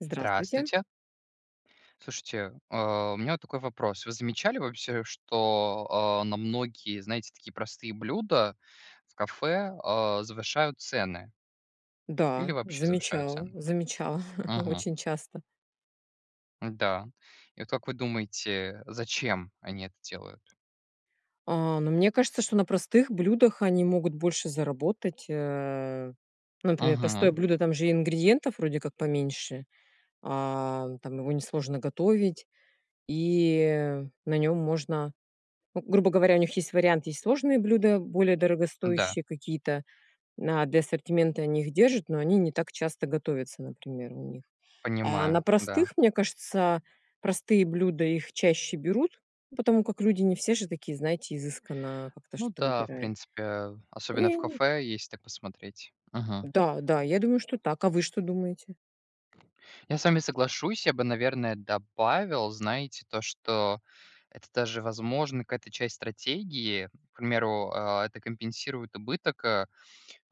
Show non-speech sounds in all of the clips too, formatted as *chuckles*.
Здравствуйте. Здравствуйте. Слушайте, э, у меня вот такой вопрос. Вы замечали вообще, что, а, на многие, знаете, такие простые блюда в кафе, а, завышают цены? Или Да, вообще завышают замечала цены? замечала Мгм. очень часто. Да, и вот как вы думаете, зачем они это делают? А, но мне кажется, что на простых блюдах они могут больше заработать, э. Ну, например, простое Мгм. блюдо- там же и ингредиентов вроде как поменьше, а, там его несложно готовить, и на нём можно, ну, грубо говоря, у них есть вариант: есть сложные блюда, более Да. дорогостоящие какие-то, на для ассортимента они их держат, но они не так часто готовятся, например, у них. А на Понимаю, да. простых, мне кажется, простые блюда- их чаще берут, потому как люди не все же такие, знаете, изысканно как-то Ну что-то да, в выбирают. принципе, э, И особенно в они кафе, если так посмотреть. Мгм. Да, да, я думаю, что так. А вы что думаете? Я с вами соглашусь, я бы, наверное, добавил, знаете, то, что это даже, возможно, какая-то часть стратегии. К примеру, а, это компенсирует убыток, а,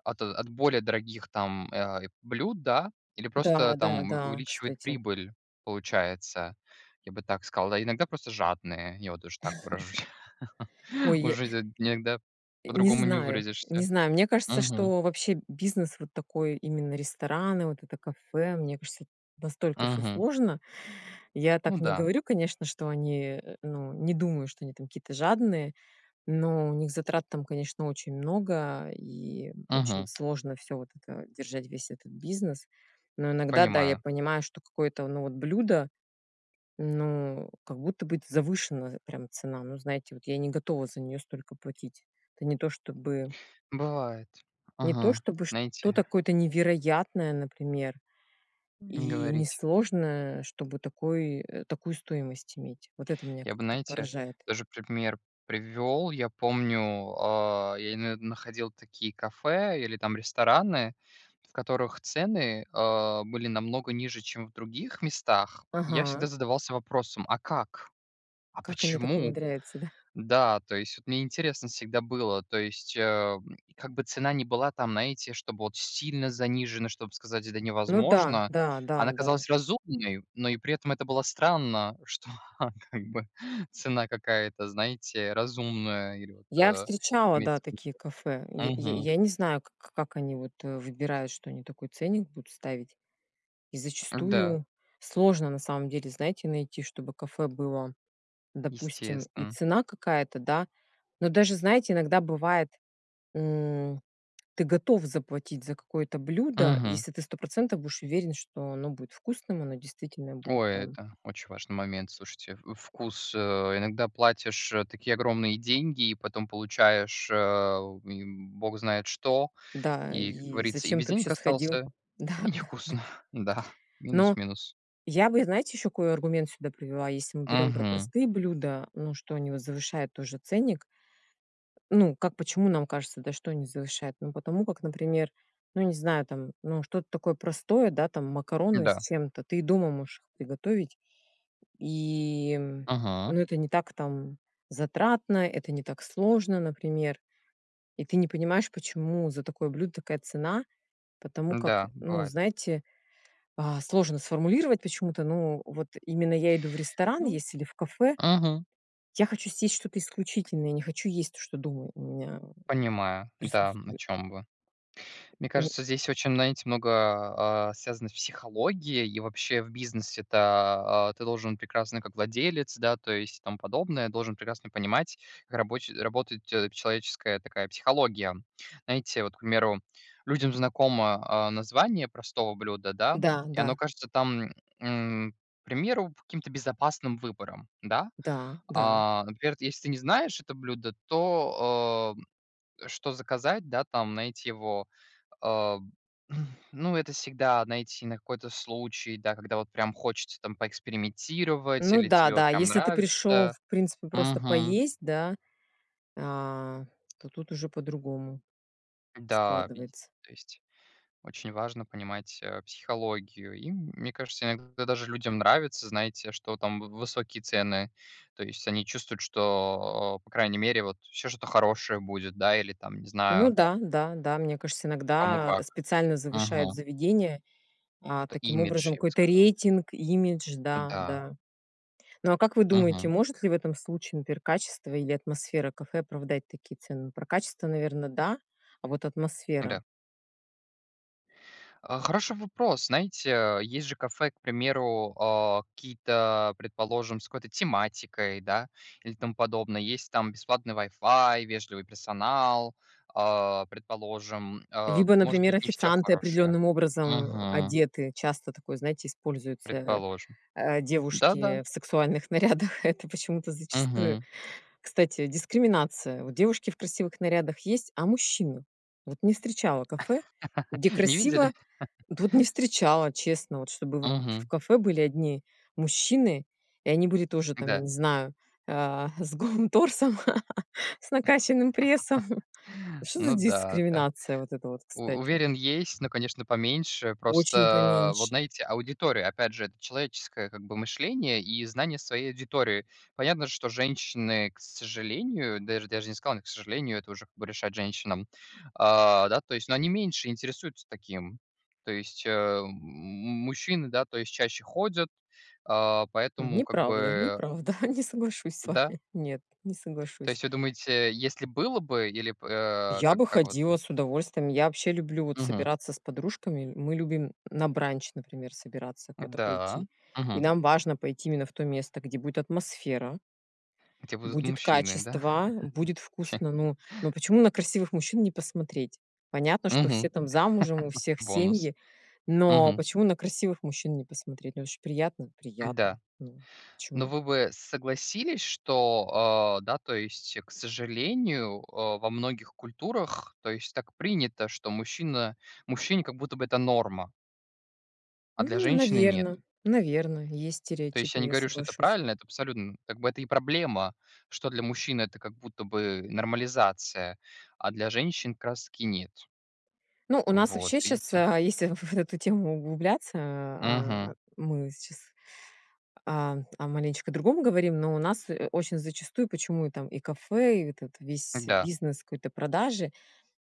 от от более дорогих там, э, а, и блюд, да, или просто Да, да, там у да, увеличивает кстати. прибыль, получается. Я бы так сказал. А иногда просто жадные, я вот тоже так выражусь. *chuckles* *laughs* Ой, я Уже э, де иногда не по-другому не знаю, не выразишься. знаю, мне кажется, Мгм. что вообще бизнес вот такой, именно рестораны, вот это, кафе, мне кажется, настолько всё Мгм. сложно. Я так Ну не да. говорю, конечно, что они, э, ну, не думаю, что они там какие-то жадные, но у них затрат там, конечно, очень много и очень Мгм. сложно всё вот это держать, весь этот бизнес. Но иногда, да, я Понимаю. понимаю, что какое-то, ну вот, блюдо, ну как будто бы завышена прям цена. Ну знаете, вот я не готова за неё столько платить. Это не то чтобы Бывает. не то Мгм, чтобы что-то знаете. какое-то невероятное, например, Не и говорите. несложное, чтобы такой э, такую стоимость иметь. Вот это меня Я бы, как-то знаете, поражает. тоже пример привёл. Я помню, а, я имею в виду, находил такие кафе, или там рестораны, в которых цены, а, были намного ниже, чем в других местах. И я всегда Ага. задавался вопросом: "А как? А Как они так почему?" умудряются, да? Да, то есть мне интересно всегда было, то есть, а, м, как бы цена не была там, знаете, чтобы вот сильно занижена, чтобы сказать: "Это Ну да, невозможно", да, да, она да. казалась разумной, но и при этом это было странно, что как бы цена какая-то, знаете, разумная я говорю, Я вот, встречала, имеет да, смысл. такие кафе. Й й Мгм. я не знаю к к как они вот выбирают, что они такой ценник будут ставить. И Да. зачастую сложно, на самом деле, знаете, найти, чтобы кафе было, допустим, и Естественно. цена какая-то, да, но даже, знаете, иногда бывает, м, ты готов заплатить за какое-то блюдо, Мгм. если ты 100 % будешь уверен, что оно будет вкусным, оно действительно будет Ой, там это очень важный момент, слушайте, в вкус, э. Иногда платишь такие огромные деньги, и потом получаешь а, м, бог знает что, Да и, как и говорится, и зачем без ты вообще денег сходил? остался, и Да, да, да. невкусно, да, Но минус-минус. я бы, знаете, ещё какой аргумент сюда привела, если мы берём про Мгм. простые блюда, ну, что они вот завышают тоже ценник. Ну как, почему нам кажется, да, что они завышают? Ну, потому как, например, ну, не знаю там, ну, что-то такое простое, да, там макароны с Да. чем-то, ты и дома можешь их приготовить, и, Мгм. ну, это не так там затратно, это не так сложно, например, и ты не понимаешь, почему за такое блюдо такая цена, потому как, Да, ну, бывает. знаете, а сложно сформулировать почему-то, ну, вот именно я иду в ресторан Ну, есть или в кафе, мгм. я хочу съесть что-то исключительное, я не хочу есть то, что дома у меня, м, Понимаю, да, м, о присутствует. чём вы. Мне М кажется, здесь очень, знаете, много, а, а, связано с психологией, и вообще, в бизнесе-то, а, ты должен прекрасно как владелец, да, то есть, и тому подобное, должен прекрасно понимать, как рабоч работают человеческая такая психология. Знаете, вот, к примеру, людям знакомо, а, название простого блюда, да, Да, и да. оно кажется там, м, к примеру, каким-то безопасным выбором, да. Да, да. А, например, вот если ты не знаешь это блюдо, то, а, что заказать, да, там, найти его? А. *blows air* Ну, это всегда, знаете, на какой-то случай, да, когда вот прям хочется там поэкспериментировать, Ну или да, тебе вот да. прям Если ты пришёл, нравится. в принципе, просто Мгм. поесть, да, а, то тут уже по-другому Да, видите, складывается. то есть очень важно понимать, а, психологию, и, мне кажется, иногда даже людям нравится, знаете, что там в высокие цены, то есть они чувствуют, что, а, по крайней мере, вот всё что-то хорошее будет, да, или там, не Ну знаю. да, да, да, мне кажется, Кому иногда как, специально завышают мгм. заведения, а, Какой-то таким имидж, образом я бы какой-то сказал. рейтинг, имидж, да, Да. да. Ну, а как вы думаете, Мгм. может ли в этом случае, например, качество или атмосфера кафе оправдать такие цены? Про качество, наверное, да, а вот атмосфера? Да. А, хороший вопрос. Знаете, э, есть же кафе, к примеру, а, какие-то, предположим, с какой-то тематикой, да, или тому подобное. Есть там бесплатный Wi-Fi, вежливый персонал, а, предположим, а Либо, может например, быть, не всё официанты хорошее, определённым образом, а, мгм. одеты. Часто такое, знаете, используется, Предположим, а, да-да. девушки в сексуальных нарядах- это почему-то зачастую. Мгм. Кстати, дискриминация. Вот девушки в красивых нарядах есть, а мужчины? Вот не встречала кафе, где *laughs* Не красиво видели? Тут не *laughs* встречала, честно, вот чтобы в в Мгм. кафе были одни мужчины и они были тоже, там, я Да. не знаю, а, с голым торсом, *laughs* с накачанным прессом. *chuckles* Что за Ну да, да. дискриминация вот это вот, У кстати? уверен, есть, но, конечно, поменьше. Очень Просто, вот поменьше. знаете, аудитория, опять же, это человеческое, как бы, мышление и знание своей аудитории. Понятно, что женщины, к сожалению, даже даже не сказал: "К сожалению", это уже, как бы, решать женщинам, а, да, то есть, но они меньше интересуются таким. То есть, э, м, мужчины, да, то есть чаще ходят, а, поэтому как Неправда, бы неправда, не соглашусь с Да. вами нет, не То соглашусь. есть вы думаете, если было бы или б э, Я как бы как вот? ходила с удовольствием. Я вообще люблю, вот, Мгм. собираться с подружками, мы любим на бранч, например, собираться куда-то Да, пойти. И мгм. нам важно пойти именно в то место, где будет атмосфера. Где будут Будет мужчины, да? *laughs* качество, будет Те вкусно. Ну, но *laughs* почему на красивых мужчин не посмотреть? Мгм, Понятно, что все *laughs* там замужем, у всех бонус, семьи, но мгм. почему на красивых мужчин не посмотреть? Ну, это же приятно? Приятно. Да, Ну, но почему? вы бы согласились, что, а, да, то есть, к сожалению, а, во многих культурах, то есть, так принято, что мужчина мужчине как будто бы это норма а для М, женщины- нет. наверно, наверно, есть То есть, я стереотипы, не я говорю, что это соглашусь. правильно, это абсолютно, м, как бы это и проблема, что для мужчин это как будто бы нормализация, а для женщин как раз-таки нет. Ну, у нас Вот, вообще щас, видите. а, если в в вот в эту тему углубляться, а, Мгм. мы сейчас, а, о маленечко другом говорим, но у нас очень зачастую почему там и кафе, и этот весь Да. бизнес какой-то продажи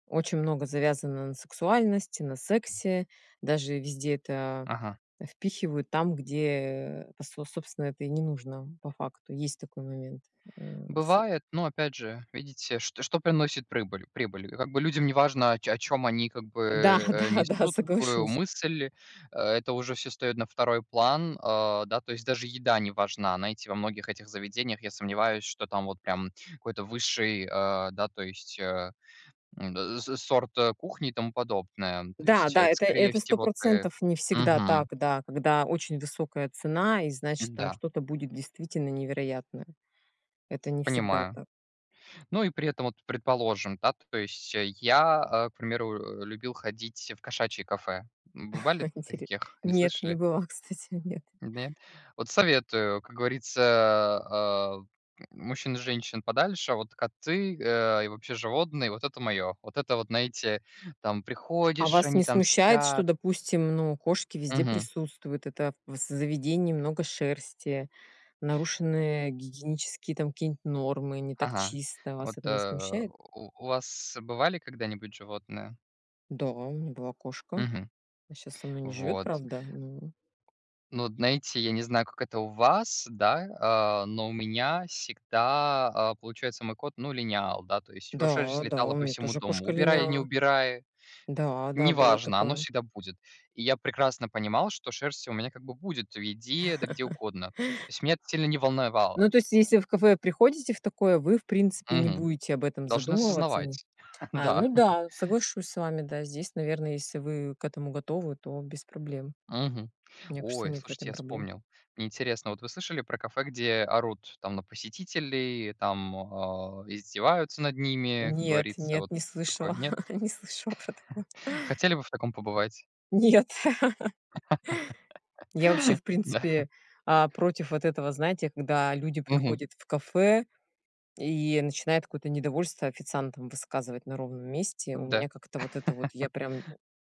очень много завязано на сексуальности, на сексе, даже везде это Ага. впихивают там, где пос собственно, это и не нужно по факту, есть такой момент, э, с Бывает, но, опять же, видите, что что приносит прыбыль прибыль? Как бы людям неважно, о чё о чём они, как бы, Да, э, да, да, несут какую соглашусь. мысль, это уже всё встаёт на 2 план, а, да, то есть даже еда не важна, знаете, во многих этих заведениях, я сомневаюсь, что там вот прям какой-то высший, а, да, то есть, а, м, да, э, со сорт, э, кухни, тому подобное, то Да, есть, да, это, это скорее это всего, тэ 100 % не всегда так, мгм. да, когда очень высокая цена, и, значит, там Да. что-то будет действительно невероятное. Это не всегда Понимаю. так. Ну, и при этом вот, предположим, да, т то есть, я, э, к примеру, э, любил ходить в кошачье кафе. Бывали *chuckles* в т Интере таких, не нет, не слышали? была, кстати, нет. Нет? Вот советую, как говорится, а, а, мужчин и женщин подальше, вот коты, а, и вообще животные, вот это моё. Вот это вот, знаете, там А приходишь, вас они не там смущает, что, спят. допустим, ну, кошки везде Мгм. присутствуют, это в з заведении много шерсти, нарушены гигиенические там какие-нибудь нормы, не так Ага, чисто. Вас вот, это не э, смущает? у у вас бывали когда-нибудь животные? Да, у меня была кошка. Мгм, Она щас со мной не живёт, вот. правда, но Но знаете, я не знаю, как это у вас, да, а, но у меня всегда, а, получается, мой кот, ну, линял, да. То есть его шерсть Да, да, у летала по меня всему тоже дому, кошка убирай, не линяла. убирай- Да, да, было неважно, оно такое. всегда будет, и я прекрасно понимал, что шерсть у меня, как бы, будет в еде, да где *laughs* угодно, то есть меня это сильно не Ну, волновало. то есть, если в кафе приходите в такое, вы, в принципе, не Мгм, будете об этом должны задумываться о ней. осознавать, *chuckles* А, да. ну да, *chuckles* соглашусь с вами, да, здесь, наверное, если вы к этому готовы, то без проблем. Мгм. Мне кажется, Ой, нет в слушайте, этом я проблем. вспомнил. Мне интересно, вот вы слышали про кафе, где орут там на посетителей, там, а, издеваются над ними, как Нет, говорится, нет, вот не такое. слышала, Нет? *chuckles* не слышала про такое. *chuckles* Хотели бы в таком побывать? Нет. *laughs* Я вообще, в *laughs* Да. принципе, а, против вот этого, знаете, когда люди Мгм. приходят в кафе и начинают какое-то недовольство официантам высказывать на ровном месте, у меня Да. как-то вот это вот, *laughs* я прям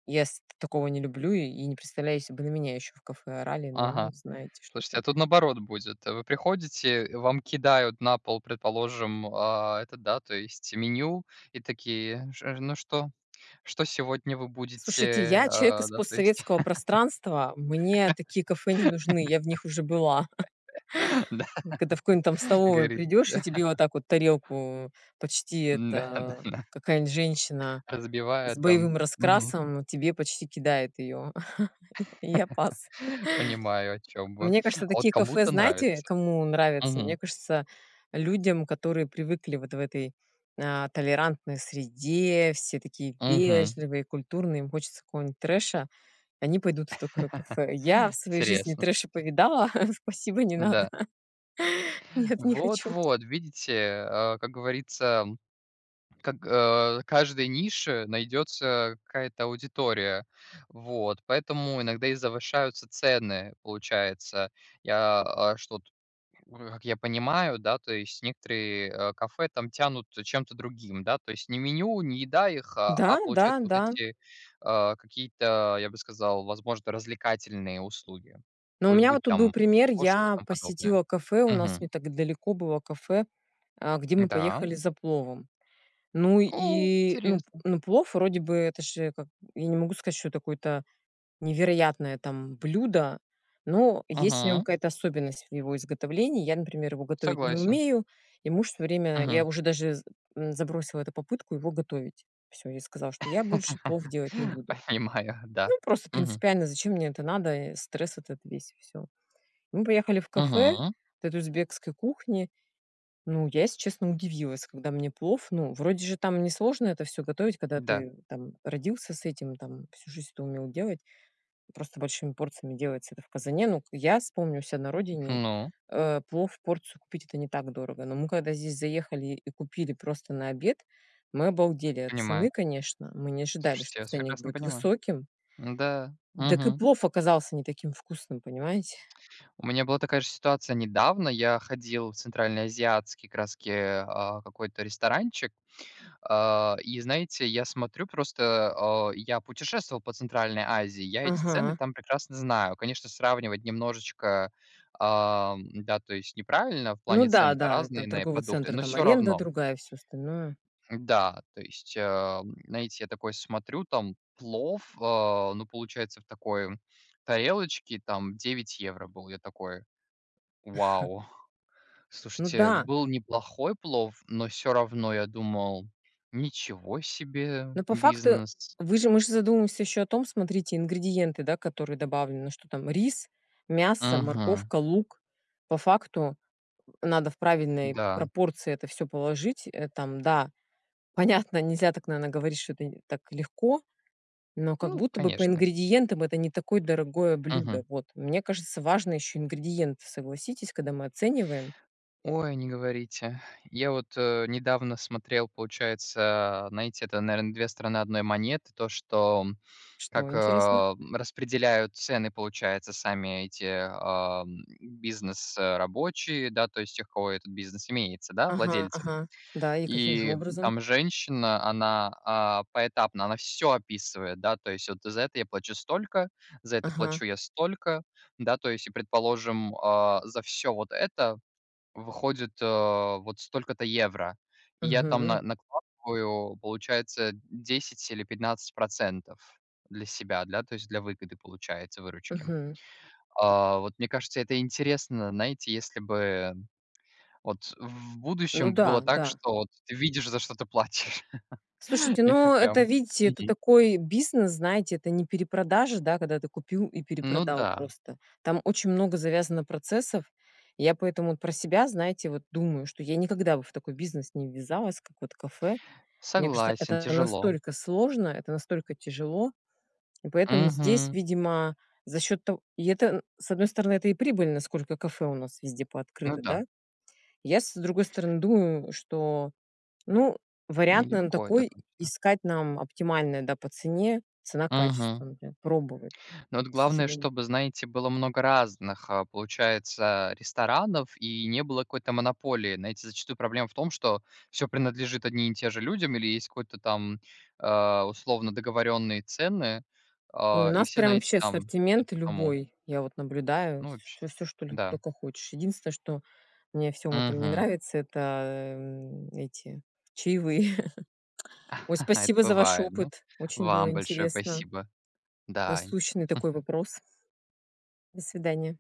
ес я такого не люблю и не представляю, если бы на меня еще в кафе орали, ну, Ага, знаете слушайте, что-то. а тут наоборот будет: вы приходите, и вам кидают на пол, предположим, а, это, да, то есть меню, и такие: "Ш э ж ну, что что сегодня вы Слушайте, будете?" я человек А, из да, то есть. постсоветского пространства, мне такие кафе не нужны, я в них уже была. *laughs* Да, *laughs* Когда в какой-нибудь там *laughs* как столовой говорится. придёшь и тебе вот *laughs* так вот тарелку почти Н-да, да, да, это, какая-нибудь женщина с разбивают там, боевым мгм. раскрасом тебе почти кидает её. *laughs* Я я пас. *laughs* Понимаю, о чём вы, Мне кажется, а вот такие кафе, кому-то знаете, нравится, кому нравятся? Мне мгм. кажется, людям, которые привыкли вот в этой, а, толерантной среде, все такие Мгм. вежливые, культурные, им хочется какого-нибудь трэша, они пойдут в такое *laughs* кафе. Я в своей жизни Интересно, трэша слушайте. повидала, *chuckles* спасибо, не надо. Да. *chuckles* Нет, не хочу. Вот-вот, видите, а, как говорится, как а, каждой нише найдётся какая-то аудитория. Вот, поэтому иногда и завышаются цены. Получается, я, а, что тут, как я понимаю, да, то есть, некоторые, а, кафе там тянут чем-то другим, да, то есть не меню, не еда их, а Да, да, получается, вот да. эти, а, какие-то, я бы сказал, возможно, развлекательные услуги, Но у бу э, меня вот будь тут был там пример: кошки и я тому подобное. посетила кафе, у нас Мгм. не так далеко было кафе, а, где мы Да. поехали за пловом. Ну О и, ну, интересно. ну, плов, вроде бы, это же как Я не могу сказать, что это какое-то невероятное там блюдо, но есть в нём Мгм. какая-то особенность в его изготовлении. Я, например, его готовить не Согласен. умею, и муж всё время... Я Мгм. уже даже з м, забросила эту попытку его готовить. Всё, я сказала, что я больше плов делать не *laughs* буду. Понимаю, да. Ну, просто Мгм. принципиально, зачем мне это надо, стресс этот весь и всё. Мы поехали в кафе Мгм. вот это узбекской кухни. Ну, я, если честно, удивилась, когда мне плов Ну, вроде же там несложно это всё готовить, когда Да. ты там родился с этим, там всю жизнь это умел делать, просто большими порциями делается это в казане. Но к я с помню у ся на родине, Ну. э, плов порцию купить- это не так дорого, но мы, когда здесь заехали и купили просто на обед, мы обалдели от Понимаю. цены, конечно. Мы не ожидали, что Слушайте, я вас ценник прекрасно будет понимаю. высоким Н-да, так и мгм. плов оказался не таким вкусным, понимаете? У меня была такая же ситуация, недавно я ходил в центральноазиатский, как раз-таки, а, какой-то ресторанчик, а, и, знаете, я смотрю просто, а, я путешествовал по Центральной Азии, я эти цены Ага. там прекрасно знаю. Конечно, сравнивать немножечко, а, м-да, то есть, неправильно, в Ну плане да, цены-то да, это разные на э, торговый продукты, центр, но там всё аренда равно. другая, всё остальное. Да, то есть, а, м, знаете, я такой смотрю: там плов, а, ну, получается, в такой тарелочке там 9 евро был. Я такой: *chuckles* "Вау!". Ну Слушайте, да. был неплохой плов, но всё равно я думал: "Ничего себе Но по факту бизнес". вы же можете задумываться еще о том, смотрите, ингредиенты, да, которые добавлены: что там рис, мясо, Мгм. морковка, лук. По факту надо в правильной Да. пропорции это всё положить, э, там, да. Понятно, нельзя так, наверно, говорить, что это, э, так легко, но как Ну, будто бы по конечно. ингредиентам это не такое дорогое блюдо. Мгм. Вот, мне кажется, важно еще ингредиенты, согласитесь, когда мы оцениваем. Ой, не говорите. Я вот, э, недавно смотрел, получается, знаете, это, наверное, 2 стороны одной монеты, то, что, м, Что как, интересно? а, распределяют цены, получается, сами эти, а, бизнес а, рабочие, да, то есть тех, у кого этот бизнес имеется, да, Ага, владельцы. ага, да, и каким же И образом? там женщина, она, а, поэтапно она всё описывает, да, то есть, вот за это я плачу столько, за это Ага. плачу я столько, да, то есть, предположим, а, за всё вот это выходит, а, вот столько-то евро, я там на Мгм. накладываю, получается, 10 или 15 % для себя, для, то есть для выгоды, получается, выручки, Мгм. а. Вот, мне кажется, это интересно, знаете, если бы, вот, в Ну будущем было да, так, да. что, вот, ты видишь, за что ты платишь. *laughs* Слушайте, Я ну, это, прям видите, это Мгм. такой бизнес, знаете, это не перепродажа, да, когда ты купил и Ну перепродал да. просто. Там очень много завязано процессов. Я поэтому про себя, знаете, вот думаю, что я никогда бы в такой бизнес не ввязалась, как вот кафе. Мне кажется, Согласен, это тяжело. настолько сложно, это настолько тяжело. И поэтому здесь, Мгм. видимо, за счет того, и это н с одной стороны, это и прибыльно, насколько кафе у нас везде Ну пооткрыто, да. да. Я, с другой стороны, думаю, что, ну, вариант нам Нелегко, это такой точно. искать, нам оптимальный, да, по цене, Мгм. цена-качество, например, пробовать, Но вот к главное, сожалению. чтобы, знаете, было много разных, а, получается, ресторанов, и не было какой-то монополии. Знаете, зачастую проблема в том, что всё принадлежит одним и тем же людям, или есть какой-то там, а, условно договорённые цены, Ой, у а, и нас все прям на эти вообще там идут ассортимент по тому. любой, я вот наблюдаю Ну, всё вообще, всёш всё, что лю да. только хочешь. Единственное, что мне во всём этом не Мгм. нравится,- это, м, эти, чаевые. *chuckles* Ой, *chuckles* Это спасибо за ваш бывает. Ну, опыт, очень было вам большое интересно. спасибо, да и Насущный такой *chuckles* вопрос. До свидания.